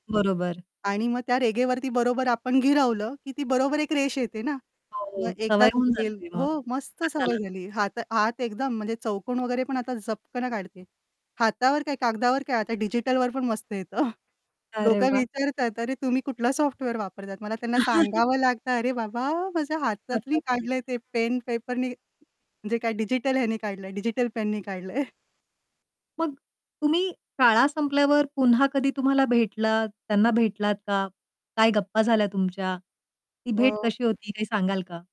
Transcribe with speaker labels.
Speaker 1: बरोबर.
Speaker 2: आणि मग त्या रेघेवरती, बरोबर आपण गिरावलं की ती बरोबर एक रेष येते ना,
Speaker 1: हो,
Speaker 2: मग
Speaker 1: हो.
Speaker 2: एकदा
Speaker 1: सवय होऊन
Speaker 2: चुकेल,
Speaker 1: जाते मग
Speaker 2: हो, मस्त सवय
Speaker 1: हाताला.
Speaker 2: झाली. हात हात एकदम म्हणजे चौकोन वगैरे पण आता झपकन काढते. हातावर काय, कागदावर काय, आता डिजिटलवर पण मस्त येतं.
Speaker 1: अरे
Speaker 2: लोकं
Speaker 1: वाह!
Speaker 2: विचारतायेत, "अरे, तुम्ही कुठला सॉफ्टवेअर वापरतात?" मला त्यांना सांगावं लागतं, "अरे, बाबा, माझ्या हातातनी
Speaker 1: कदाचित.
Speaker 2: काढलंय ते. पेन-पेपरनी. म्हणजे काय डिजिटल ह्यानी काढलंय. डिजिटल-पेननी काढलंय."
Speaker 1: मग, तुम्ही शाळा संपल्यावर पुन्हा कधी तुम्हाला भेटलात? त्यांना भेटलात का? काय गप्पा झाल्या तुमच्या? ती भेट
Speaker 2: अ
Speaker 1: कशी होती, काही सांगाल का?